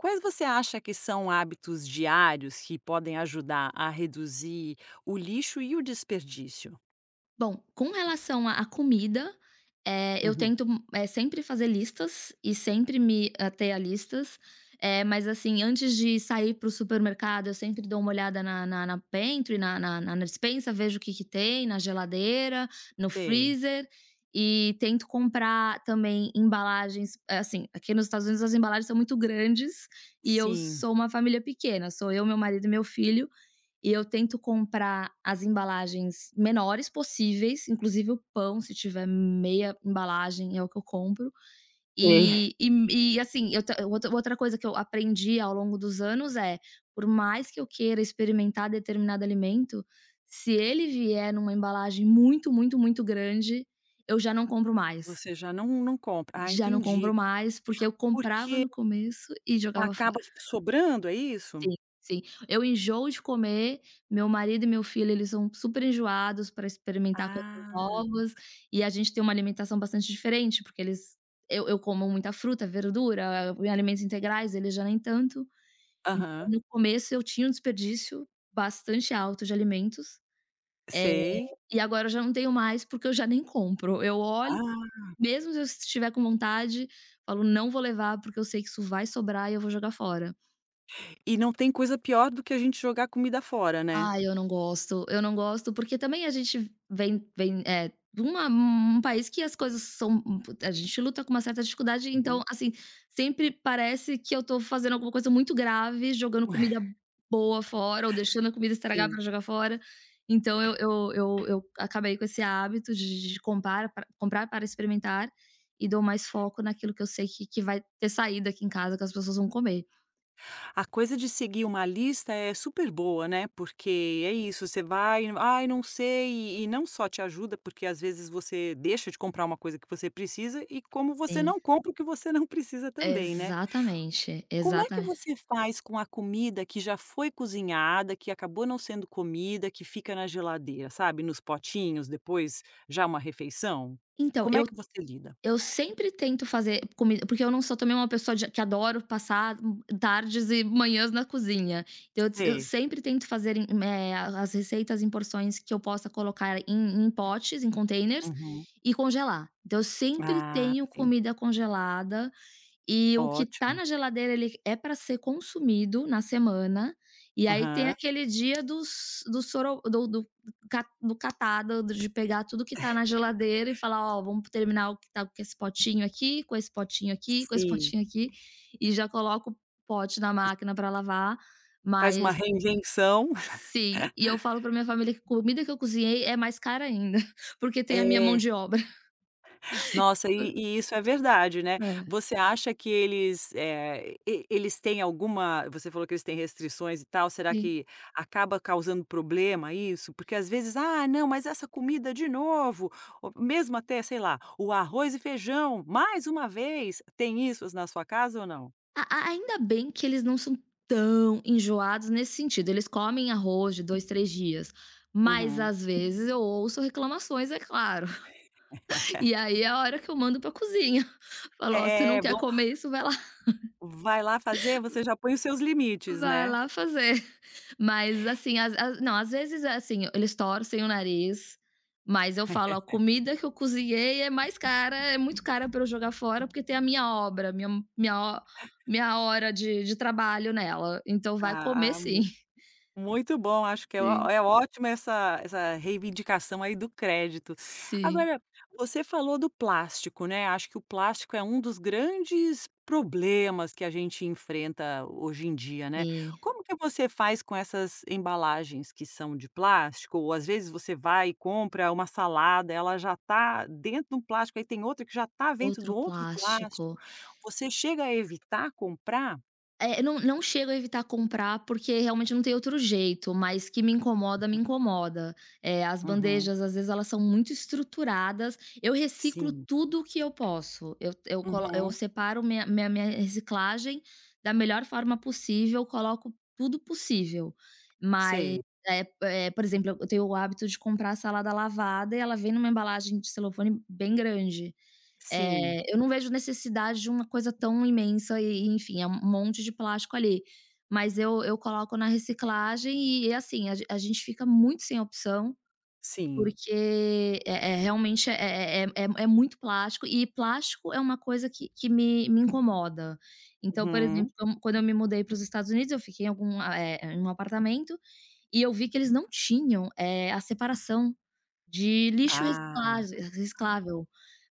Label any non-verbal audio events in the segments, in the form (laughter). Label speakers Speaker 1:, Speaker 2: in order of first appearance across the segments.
Speaker 1: Quais você acha que são hábitos diários que podem ajudar a reduzir o lixo e o desperdício?
Speaker 2: Bom, com relação a a comida, eh, eu
Speaker 1: Uhum.
Speaker 2: tento, eh, sempre fazer listas e sempre me ater a listas. Eh, mas, assim, antes de sair para o supermercado, eu sempre dou uma olhada na na pentry na na na na despensa, vejo o que que tem na geladeira, no
Speaker 1: Sei.
Speaker 2: freezer, e tento comprar também embalagens assim, aqui no Estados Unidos as embalagens são muito grandes, e eu
Speaker 1: Sim.
Speaker 2: sou uma família pequena, sou eu, meu marido e meu filho, e eu tento comprar as embalagens menores possíveis. Inclusive o pão, se tiver meia embalagem é o que eu compro.
Speaker 1: Ei.
Speaker 2: E e me e, assim, outra outra coisa que eu aprendi ao longo dos anos é, por mais que eu queira experimentar determinado alimento, se ele vier em uma embalagem muito, muito, muito grande, eu já não compro mais.
Speaker 1: Você já não não compra. Ah,
Speaker 2: Já não
Speaker 1: entendi.
Speaker 2: compro mais, porque eu comprava
Speaker 1: Porque
Speaker 2: no começo e jogava fora.
Speaker 1: acaba sobrando, é isso?
Speaker 2: Sim, sim. Eu enjoo de comer, meu marido e meu filho eles são super enjoados pra experimentar coisas
Speaker 1: Ah.
Speaker 2: novas, e a gente tem uma alimentação bastante diferente, porque eles eu eu como muita fruta, verdura, hã, alimentos integrais, eles já nem tanto. Então
Speaker 1: Aham.
Speaker 2: no começo, eu tinha um desperdício bastante alto de alimentos,
Speaker 1: Sei.
Speaker 2: eh, e agora eu já não tenho mais, porque eu já nem compro. Eu olho,
Speaker 1: Ah.
Speaker 2: mesmo se eu estiver com vontade, falo: "Não vou levar porque eu sei que isso vai sobrar e eu vou jogar fora".
Speaker 1: E não tem coisa pior, do que a gente jogar comida fora, né.
Speaker 2: Ai eu não gosto, eu não gosto, porque também a gente vem vem, eh, de uma um país que as coisas são, hum, pu a gente luta com uma certa dificuldade, então,
Speaker 1: Uhum.
Speaker 2: assim, sempre parece que eu tô fazendo alguma coisa muito grave, jogando comida boa
Speaker 1: (chuckles)
Speaker 2: fora, ou deixando a comida estragar
Speaker 1: Sim.
Speaker 2: pra jogar fora. Então eu eu eu eu acabei com esse hábito de de comprar pra de comprar para experimentar, e dou mais foco naquilo que eu sei que que vai ter saída aqui em casa, que as pessoas vão comer.
Speaker 1: A coisa de seguir uma lista, é super boa, né. Porque é isso, você vai, "ai, não sei.", e e não só te ajuda, porque às vezes você deixa de comprar uma coisa que você precisa, e como você
Speaker 2: Sim.
Speaker 1: não compra o que você não precisa também, né.
Speaker 2: Exatamente,
Speaker 1: Como é que
Speaker 2: exatamen
Speaker 1: você faz com a comida que já foi cozinhada, que acabou não sendo comida, que fica na geladeira, sabe, nos potinhos, depois, já uma refeição.
Speaker 2: Então,
Speaker 1: Como é
Speaker 2: eu
Speaker 1: que você lida?
Speaker 2: eu sempre tento fazer comida, porque eu não sou também uma pessoa de a que adoro passar, hum, tardes e manhãs na cozinha. Eu- eu
Speaker 1: Sei.
Speaker 2: sempre tento fazer, me as as receitas em porções que eu possa colocar em em potes, em contêineres,
Speaker 1: Uhum.
Speaker 2: e congelar. Então eu
Speaker 1: (clicks tongue)
Speaker 2: sempre
Speaker 1: Ah,
Speaker 2: tenho
Speaker 1: sim.
Speaker 2: comida congelada, eh, o que tá
Speaker 1: Ótimo.
Speaker 2: na geladeira ele é pra ser consumido na semana, e aí tem
Speaker 1: Aham.
Speaker 2: aquele dia dos do soro do do ca do catado, do de pegar tudo o que tá na geladeira, e
Speaker 1: (chuckles)
Speaker 2: falar: "Ó, vamos terminar o que estava com esse potinho aqui, com esse potinho aqui, com esse
Speaker 1: Sim.
Speaker 2: potinho aqui." E já coloca o pote na máquina pra lavar,
Speaker 1: Faz uma
Speaker 2: mas,
Speaker 1: reinvenção.
Speaker 2: sim, e eu falo pra
Speaker 1: (chuckles)
Speaker 2: minha família que comida que eu cozinhei é mais cara ainda, porque tem a minha mão
Speaker 1: É.
Speaker 2: de obra.
Speaker 1: Nossa, eh
Speaker 2: (chuckles)
Speaker 1: eh, isso é verdade, né.
Speaker 2: Hã.
Speaker 1: Você acha que eles, eh, e eles têm alguma, você falou que eles têm restrições e tal, será
Speaker 2: Sim.
Speaker 1: que acaba causando problema, isso. Porque às vezes, ah, não. Mas essa comida de novo, o mesmo até sei lá, o arroz e feijão, mais uma vez, tem isso na sua casa ou não?
Speaker 2: A a ainda bem que eles não são tão enjoados nesse sentido, eles comem arroz de 2, 3 dias, mas
Speaker 1: Uhum.
Speaker 2: às vezes eu ouço reclamações, é claro. (chuckles) E
Speaker 1: (laughs)
Speaker 2: aí é a hora que eu mando pra eu cozinha. Falo: "Ó, se não
Speaker 1: É
Speaker 2: quer
Speaker 1: bom
Speaker 2: comer isso vai lá." (chuckles)
Speaker 1: vai lá fazer, você já põe os seus limites,
Speaker 2: Vai
Speaker 1: né.
Speaker 2: lá fazer. (chuckles) Mas assim, as as não às vezes é, assim, eles torcem o nariz, mas eu falo: "Ó,
Speaker 1: (laughs)
Speaker 2: comida que eu cozinhei é mais cara, é muito cara pra eu jogar fora porque tem a minha obra minha minha o minha hora de de trabalho nela, então vai comer
Speaker 1: Ah ah,
Speaker 2: sim."
Speaker 1: mu
Speaker 2: (chuckles)
Speaker 1: muito bom acho que é o
Speaker 2: Sim.
Speaker 1: é ótima essa essa reivindicação, aí, do crédito.
Speaker 2: Sim.
Speaker 1: Agora, você falou do plástico, né. Acho que o plástico é um dos grandes problemas que a gente enfrenta hoje em dia, né.
Speaker 2: Sim.
Speaker 1: Como que você faz com essas embalagens que são de plástico ou às vezes você vai e compra uma salada, ela já tá dentro de um plástico aí tem outra que já tá dentro do
Speaker 2: Outro
Speaker 1: outro plástico.
Speaker 2: plástico.
Speaker 1: Você chega a evitar comprar?
Speaker 2: É, não, não chego a evitar comprar, porque, realmente, não tem outro jeito, mas que me incomoda, me
Speaker 1: Uhum.
Speaker 2: incomoda, eh, as
Speaker 1: Uhum.
Speaker 2: bandejas, às vezes, elas são muito estruturadas. Eu reciclo
Speaker 1: Sim.
Speaker 2: tudo que eu posso, eu eu colo eu
Speaker 1: Uhum.
Speaker 2: separo minha minha minha reciclagem da melhor forma possível, coloco tudo possível. Mas
Speaker 1: Sei.
Speaker 2: é é, por exemplo, eu tenho o hábito de comprar a salada lavada e ela vem em uma embalagem de celofane bem grande,
Speaker 1: Sim.
Speaker 2: eh, eu não vejo necessidade de uma coisa tão imensa e, enfim, é um monte de plástico ali. Mas eu eu coloco na reciclagem e, assim, a gen a gente fica muito sem opção,
Speaker 1: Sim.
Speaker 2: porque, eh eh, realmente, é é é é muito plástico e plástico é uma coisa que que me me incomoda. Então, por
Speaker 1: Uhum.
Speaker 2: exemplo, qua quando eu me mudei para os Estados Unidos, eu fiquei em algum eh, em um apartamento e eu vi que eles não tinham, eh, a separação de lixo recicla
Speaker 1: Ah.
Speaker 2: reciclável.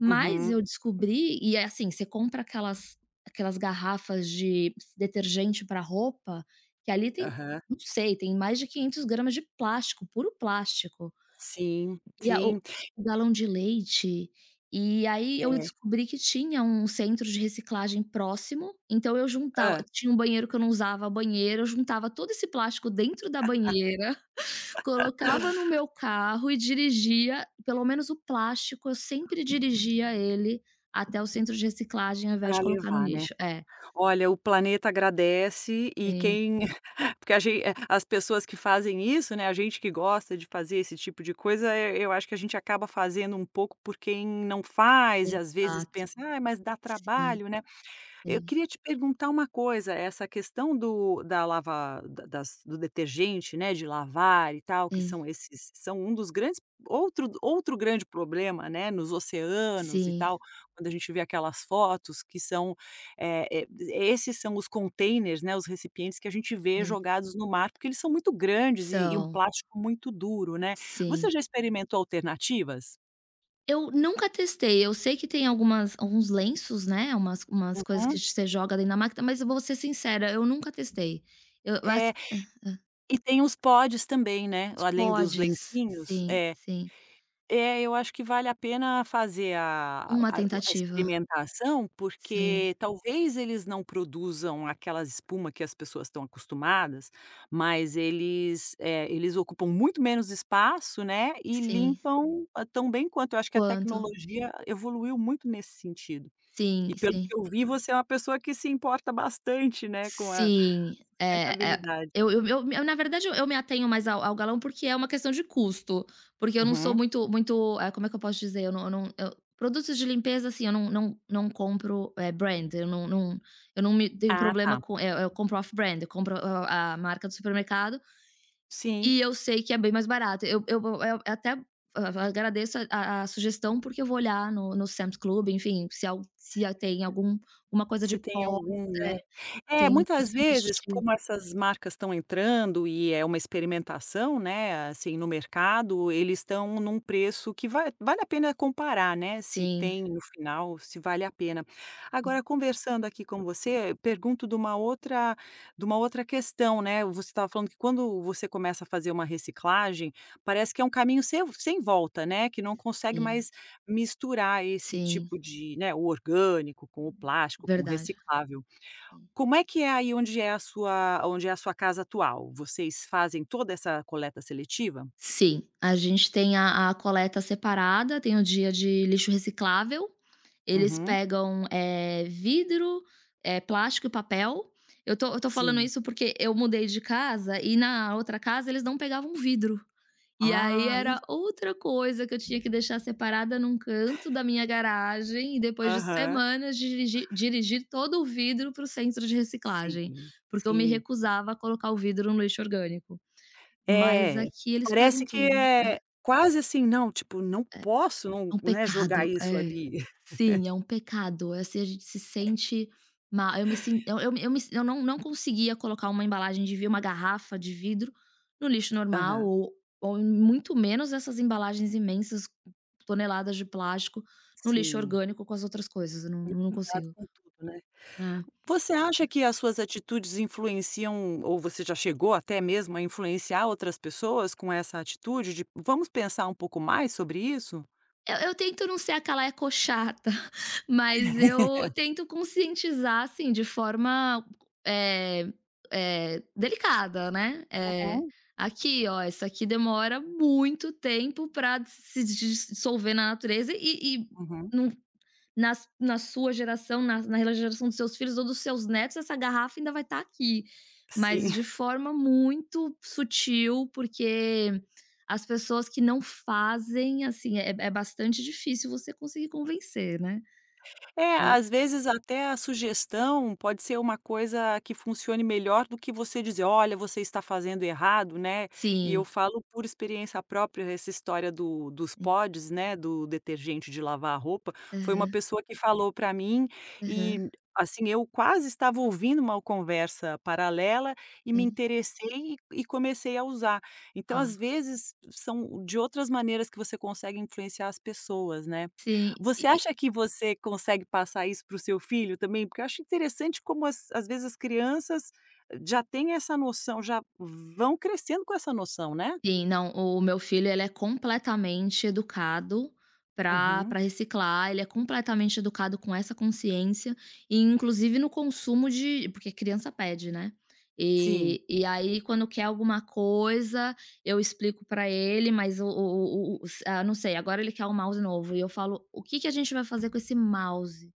Speaker 2: Mas
Speaker 1: Uhum.
Speaker 2: eu descobri e é, assim, compra aquelas aquelas garrafas de detergente para roupa, que ali tem,
Speaker 1: Aham.
Speaker 2: não sei, tem mais de 500 gramas de plástico, puro plástico.
Speaker 1: Sim,
Speaker 2: E a
Speaker 1: sim.
Speaker 2: o galão de leite, e, aí, eu
Speaker 1: É.
Speaker 2: descobri que tinha um centro de reciclagem próximo, então eu juntava
Speaker 1: Hã.
Speaker 2: tinha um banheiro que eu não usava banheiro, juntava todo esse plástico dentro da banheira,
Speaker 1: (laughs)
Speaker 2: (chuckles) colocava no meu carro e dirigia, pelo menos o plástico, eu sempre dirigia ele até o centro de reciclagem, ao invés de
Speaker 1: Para
Speaker 2: colocar no
Speaker 1: levar, né.
Speaker 2: Lixo, é.
Speaker 1: Olha o planeta agradece e
Speaker 2: Sim.
Speaker 1: quem (chuckles) porque a eh, as pessoas que fazem isso, né, a gente que gosta de fazer esse tipo de coisa, eh, eu acho que a gente acaba fazendo um pouco por quem não faz e, às vezes,
Speaker 2: Exato.
Speaker 1: pensa: "Ah, mas dá
Speaker 2: Sim,
Speaker 1: trabalho, né.". Eu
Speaker 2: sim.
Speaker 1: queria te perguntar uma coisa essa questão do da lavar da das do detergente, né, de lavar e tal, que
Speaker 2: Sim.
Speaker 1: são esses são um dos grandes outro outro grande problema, né, nos oceanos e
Speaker 2: Sim.
Speaker 1: tal, quando a gente vê aquelas fotos que são, eh eh, esses são os contêineres, né, os recipientes que a gente vê
Speaker 2: Sim.
Speaker 1: jogados no mar, são muito grandes e e um
Speaker 2: São.
Speaker 1: plástico muito duro, né. Você
Speaker 2: Sim.
Speaker 1: já experimentou alternativas?
Speaker 2: Eu nunca testei, eu sei que tem algumas alguns lenços, né, umas umas coisas que
Speaker 1: Uhum.
Speaker 2: você joga ali na máquina, mas eu vou ser sincera, eu nunca testei. Eu as
Speaker 1: É.
Speaker 2: hã hã
Speaker 1: E tem os pods também, né,
Speaker 2: Os
Speaker 1: além dos
Speaker 2: pods.
Speaker 1: lencinhos,
Speaker 2: Sim,
Speaker 1: é.
Speaker 2: sim.
Speaker 1: É, eu acho que vale a pena fazer a
Speaker 2: Uma
Speaker 1: a o a
Speaker 2: tentativa.
Speaker 1: experimentação,
Speaker 2: Sim.
Speaker 1: porque talvez eles não produzam aquelas espuma que as pessoas estão acostumadas, mas eles, eh, eles ocupam muito menos espaço, né, e
Speaker 2: Sim.
Speaker 1: limpam tão bem quanto. Eu acho que a
Speaker 2: Quanto?
Speaker 1: tecnologia evoluiu muito nesse sentido.
Speaker 2: Sim,
Speaker 1: E pelo que
Speaker 2: sim.
Speaker 1: eu vi, você é uma pessoa que se importa bastante, né, com a
Speaker 2: Sim, eh eh,
Speaker 1: sustentabilidade.
Speaker 2: eu eu eu m na verdade, eu me atenho mais ao ao galão, porque é uma questão de custo, porque eu não sou
Speaker 1: Uhum.
Speaker 2: muito muito eh, como é que eu posso dizer? Eu não eu não eu produtos de limpeza, assim, eu não não não compro, eh, brand, eu não não eu não me tenho
Speaker 1: Ah,
Speaker 2: problema
Speaker 1: tá.
Speaker 2: com eh eh, eu compro off brand, eu compro o a marca do supermercado
Speaker 1: Sim.
Speaker 2: e eu sei que é bem mais barato. Eu eu vou eh, até a agradeço a a a sugestão, porque eu vou olhar no no Sam's Club, enfim, se al se, ah, tem algum alguma coisa de
Speaker 1: Se tem
Speaker 2: pó,
Speaker 1: algum,
Speaker 2: eh,
Speaker 1: né. É,
Speaker 2: tem custo
Speaker 1: muitas vezes,
Speaker 2: competitivo.
Speaker 1: como essas marcas estão entrando e é uma experimentação, né, assim, no mercado, eles estão em um preço que vale vale a pena comparar, né, se
Speaker 2: Sim.
Speaker 1: tem no final, se vale a pena.
Speaker 2: Hum.
Speaker 1: Agora, conversando aqui com você, pergunto de uma outra de uma outra questão, né, você estava falando que quando você começa a fazer uma reciclagem, parece que é um caminho sem a v sem volta, né, que não consegue
Speaker 2: Sim.
Speaker 1: mais misturar esse
Speaker 2: Sim.
Speaker 1: tipo de, né, o orgânico com o plástico, com o
Speaker 2: Verdade.
Speaker 1: reciclável. Como é que é aí onde é a sua onde é a sua casa atual? Vocês fazem toda essa coleta seletiva?
Speaker 2: Sim, a gente tem a a coleta separada, tem o dia de lixo reciclável. Eles
Speaker 1: Uhum.
Speaker 2: pegam, eh, vidro, eh, plástico e papel. Eu estou eu estou falando
Speaker 1: Sim.
Speaker 2: isso, porque eu mudei de casa e na outra casa, eles não pegavam vidro. E aí
Speaker 1: Ah,
Speaker 2: era
Speaker 1: isso
Speaker 2: outra coisa que eu tinha que deixar separada em um canto da minha garagem e depois de
Speaker 1: Aham.
Speaker 2: semanas, dirigi dirigir todo o vidro para o centro de reciclagem,
Speaker 1: Sim,
Speaker 2: porque eu me
Speaker 1: sim.
Speaker 2: recusava a colocar o vidro no lixo orgânico. Mas
Speaker 1: É,
Speaker 2: aqui eles
Speaker 1: parece
Speaker 2: pegam
Speaker 1: que
Speaker 2: tudo. É.
Speaker 1: é quase, assim: "Não, tipo, não
Speaker 2: É.
Speaker 1: posso, não
Speaker 2: É um
Speaker 1: né, jogar
Speaker 2: pecado,
Speaker 1: isso
Speaker 2: é.
Speaker 1: ali".
Speaker 2: Sim, é
Speaker 1: (laughs)
Speaker 2: um pecado, assim, a gente se sente má, eu me sin eu eu me si eu não não conseguia colocar uma embalagem de vi uma garrafa de vidro no lixo normal
Speaker 1: Aham.
Speaker 2: ou ou em muito menos essas embalagens imensas, toneladas de plástico, no lixo
Speaker 1: Sim.
Speaker 2: orgânico com as outras coisas, eu não não
Speaker 1: Preocupado
Speaker 2: consigo.
Speaker 1: com tudo, né.
Speaker 2: É.
Speaker 1: Você acha que as suas atitudes influenciam ou você já chegou até mesmo a influenciar outras pessoas com essa atitude de: "Vamos pensar um pouco mais sobre isso?".
Speaker 2: Eu eu tento não ser aquela (chuckles) ecochata, mas eu
Speaker 1: (laughs)
Speaker 2: tento conscientizar, assim, de forma, eh eh, delicada, né, eh:
Speaker 1: Uhum.
Speaker 2: "Aqui, ó, essa aqui demora muito tempo para se dissolver na natureza, e e
Speaker 1: Uhum.
Speaker 2: não nas na sua geração, na na geração dos seus filhos ou dos seus netos, essa garrafa ainda vai estar aqui".
Speaker 1: Sim.
Speaker 2: Mas de
Speaker 1: (chuckles)
Speaker 2: forma muito sutil, porque as pessoas que não fazem, assim, é é bastante difícil você conseguir convencer, né.
Speaker 1: É,
Speaker 2: E
Speaker 1: às vezes até a sugestão pode ser uma coisa que funcione melhor do que você dizer: "Olha, você está fazendo errado", né, e eu
Speaker 2: Sim.
Speaker 1: falo por experiência própria, essa história do dos
Speaker 2: Hum.
Speaker 1: pods, né, do detergente de lavar roupa, foi uma
Speaker 2: Aham.
Speaker 1: pessoa que falou para mim,
Speaker 2: Aham.
Speaker 1: e, assim, eu quase estava ouvindo uma conversa paralela, e me
Speaker 2: Sim.
Speaker 1: interessei e e comecei a usar, então,
Speaker 2: Ah.
Speaker 1: às vezes, são de outras maneiras que você consegue influenciar as pessoas, né.
Speaker 2: Sim.
Speaker 1: Você
Speaker 2: E e
Speaker 1: acha que você consegue passar isso para o seu filho também? Porque eu acho interessante como às às vezes as crianças já têm essa noção, já vão crescendo com essa noção, né.
Speaker 2: Sim, não, o meu filho ele é completamente educado para
Speaker 1: Uhum.
Speaker 2: para reciclar, ele é completamente educado com essa consciência, e, inclusive, no consumo de porque criança pede, né,
Speaker 1: Sim.
Speaker 2: e e aí quando quer alguma coisa, eu explico para ele, mas o o o o ah, não sei, agora ele quer um mouse novo e eu falo: "O que que a gente vai fazer com esse mouse?".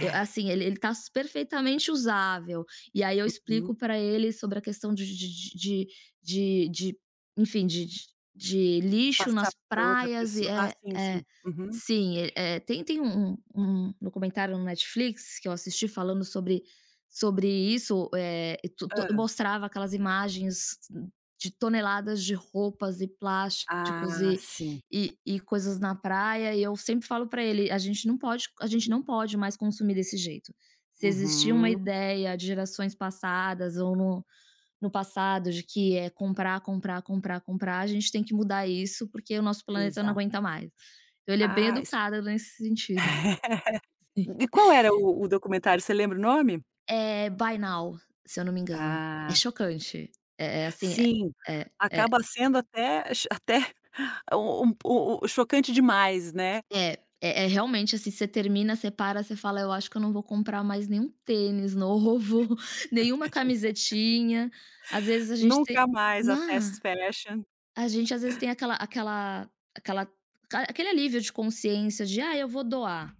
Speaker 2: Eu assim, "ele ele está perfeitamente usável", e aí eu
Speaker 1: Uhum.
Speaker 2: explico para ele sobre a questão de de de de de enfim, de de de lixo
Speaker 1: Passar
Speaker 2: nas
Speaker 1: para outra
Speaker 2: praias e
Speaker 1: pessoa Ah,
Speaker 2: é,
Speaker 1: sim,
Speaker 2: é,
Speaker 1: sim. Uhum.
Speaker 2: sim, e eh, tem tem um um documentário no Netflix que eu assisti, falando sobre sobre isso, eh, tu to
Speaker 1: Hã.
Speaker 2: mostrava aquelas imagens de toneladas de roupas e plásticos,
Speaker 1: Ah,
Speaker 2: e
Speaker 1: sim.
Speaker 2: e e coisas na praia, e eu sempre falo para ele: "A gente não pode a gente não pode mais consumir desse jeito. Se existir uma
Speaker 1: Uhum.
Speaker 2: ideia de gerações passadas ou no no passado de que é comprar, comprar, comprar, comprar, a gente tem que mudar isso, porque o nosso planeta não
Speaker 1: Exato.
Speaker 2: aguenta mais". Então ele é bem
Speaker 1: Ah, s
Speaker 2: educada nesse sentido. (chuckles) Sim.
Speaker 1: (laughs) E qual era o o documentário? Você lembra o nome?
Speaker 2: É Buy Now, se eu não me engano. É
Speaker 1: Ah.
Speaker 2: chocante, é é assim,
Speaker 1: Sim,
Speaker 2: é é é
Speaker 1: acaba sendo até cho até (chuckles) u um po u u chocante demais, né.
Speaker 2: É, é é realmente, assim, você termina, você para, você fala: "Eu acho que eu não vou comprar mais nenhum tênis novo, nenhuma
Speaker 1: (laughs)
Speaker 2: camisetinha." Às vezes a gente tem
Speaker 1: Nunca mais a
Speaker 2: né.
Speaker 1: Fast Fashion.
Speaker 2: A gente às vezes tem aquela aquela aquela a aquele alívio de consciência de: "Ah, eu vou doar".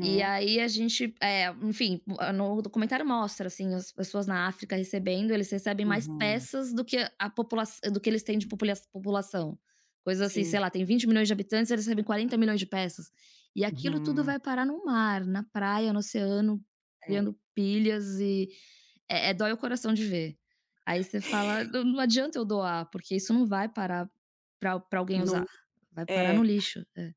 Speaker 2: E aí a gente, eh, enfim, no documentário mostra, assim, as pessoas na África recebendo, eles recebem mais
Speaker 1: Uhum.
Speaker 2: peças do que a popula do que eles têm de popule população. Coisas assim, sei
Speaker 1: Sim.
Speaker 2: lá, tem 20.000.000 de habitantes, eles recebem 40.000.000 de peças. E aquilo tudo
Speaker 1: Uhum.
Speaker 2: vai parar no mar, na praia, no oceano,
Speaker 1: É.
Speaker 2: criando pilhas e eh eh, dói o coração de ver. Aí você fala: "N não adianta eu doar, porque isso não vai parar para para alguém
Speaker 1: Num
Speaker 2: usar, vai parar no
Speaker 1: é.
Speaker 2: lixo". É. É.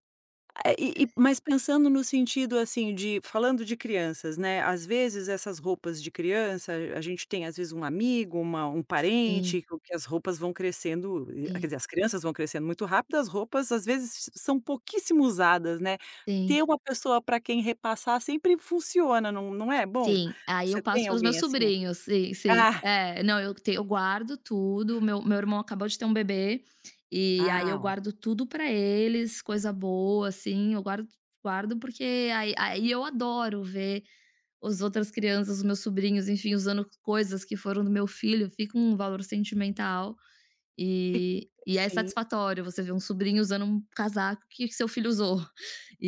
Speaker 1: Ah, e e mas pensando no sentido, assim, de falando de crianças, né, às vezes essas roupas de criança, a gente tem, às vezes, um amigo, uma um parente
Speaker 2: Sim.
Speaker 1: que as roupas vão crescendo quer
Speaker 2: Sim.
Speaker 1: dizer, as crianças vão crescendo muito rápido, as roupas, às vezes, são pouquíssimo usadas, né.
Speaker 2: Sim.
Speaker 1: Ter uma pessoa para quem repassar sempre funciona, não não é bom?
Speaker 2: Sim, aí eu
Speaker 1: Você
Speaker 2: passo
Speaker 1: tem
Speaker 2: para os meus
Speaker 1: alguém assim, aqui?
Speaker 2: sobrinhos, sim, sim.
Speaker 1: (chuckles) Ah.
Speaker 2: É, não, eu tenho eu guardo tudo, meu meu irmão acabou de ter um bebê, e aí eu
Speaker 1: Ah.
Speaker 2: guardo tudo para eles, coisa boa, assim, eu guardo guardo, porque aí aí eu adoro ver os outras crianças, os meus sobrinhos, enfim, usando coisas que foram do meu filho, fica um valor sentimental,
Speaker 1: E
Speaker 2: e e é
Speaker 1: sim.
Speaker 2: satisfatório você ver um sobrinho usando um casaco que seu filho usou. (chuckles)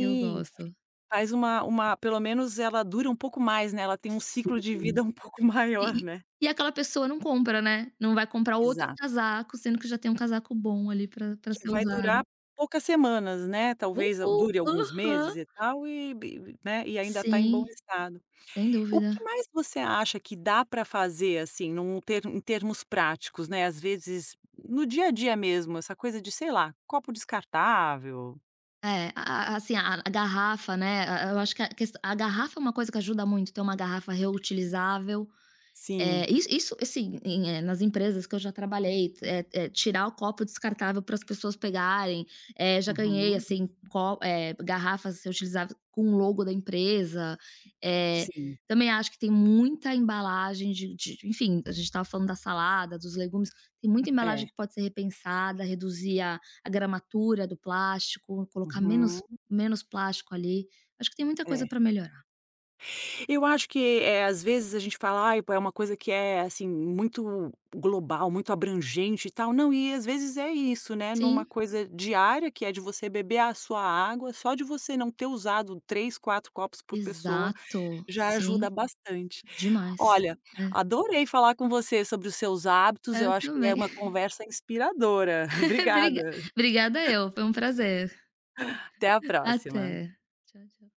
Speaker 2: E eu gosto.
Speaker 1: Faz uma uma pelo menos ela dura um pouco mais, né, ela tem um
Speaker 2: Sim.
Speaker 1: ciclo de vida (chuckles) um pouco maior,
Speaker 2: E e
Speaker 1: né.
Speaker 2: e aquela pessoa não compra, né, não vai comprar outro
Speaker 1: Exato.
Speaker 2: casaco, sendo que já tem um casaco bom, ali, para para
Speaker 1: Que
Speaker 2: ser
Speaker 1: vai
Speaker 2: usado.
Speaker 1: durar poucas semanas, né,
Speaker 2: Uh
Speaker 1: talvez
Speaker 2: uh,
Speaker 1: dure alguns
Speaker 2: Aham.
Speaker 1: meses e tal, e e, né, e ainda está em bom
Speaker 2: Sim.
Speaker 1: estado.
Speaker 2: Sem
Speaker 1: O que
Speaker 2: dúvida.
Speaker 1: mais você acha que dá para fazer, assim, em um ter em termos práticos, né, às vezes, no dia a dia mesmo, essa coisa de, sei lá, copo descartável
Speaker 2: É, a a assim a a garrafa, né, a e eu acho que a a garrafa é uma coisa que ajuda muito ter uma garrafa reutilizável, eh,
Speaker 1: Sim.
Speaker 2: isso isso assim, e em, eh, nas empresas que eu já trabalhei, eh eh, tirar o copo descartável para as pessoas pegarem, eh, já ganhei,
Speaker 1: Uhum.
Speaker 2: assim, co eh, garrafas reutilizáveis com logo da empresa, eh,
Speaker 1: Sim.
Speaker 2: também acho que tem muita embalagem de de enfim, a gente estava falando da salada, dos legumes, tem muita embalagem
Speaker 1: É.
Speaker 2: que pode ser repensada, reduzir a a gramatura do plástico, colocar menos
Speaker 1: Uhum.
Speaker 2: menos plástico ali. Acho que tem muita coisa
Speaker 1: É.
Speaker 2: pra melhorar.
Speaker 1: Eu acho que, eh, às vezes a gente fala: "Ai, pô, é uma coisa que é assim, muito global, muito abrangente e tal.", não, e às vezes é isso, né, em uma
Speaker 2: Sim.
Speaker 1: coisa diária que é de você beber a sua água só de você não ter usado três, quatro, copos por pessoa,
Speaker 2: Exato,
Speaker 1: já
Speaker 2: sim,
Speaker 1: ajuda bastante.
Speaker 2: demais,
Speaker 1: Olha,
Speaker 2: é.
Speaker 1: adorei falar com você sobre os seus hábitos
Speaker 2: É,
Speaker 1: eu
Speaker 2: eu
Speaker 1: acho que é
Speaker 2: também.
Speaker 1: uma
Speaker 2: (chuckles)
Speaker 1: conversa inspiradora, (chuckles)
Speaker 2: (chuckles) Obri
Speaker 1: obrigada.
Speaker 2: obrigada eu, foi um prazer,
Speaker 1: (chuckles) Até a próxima.
Speaker 2: até, tchau, tchau.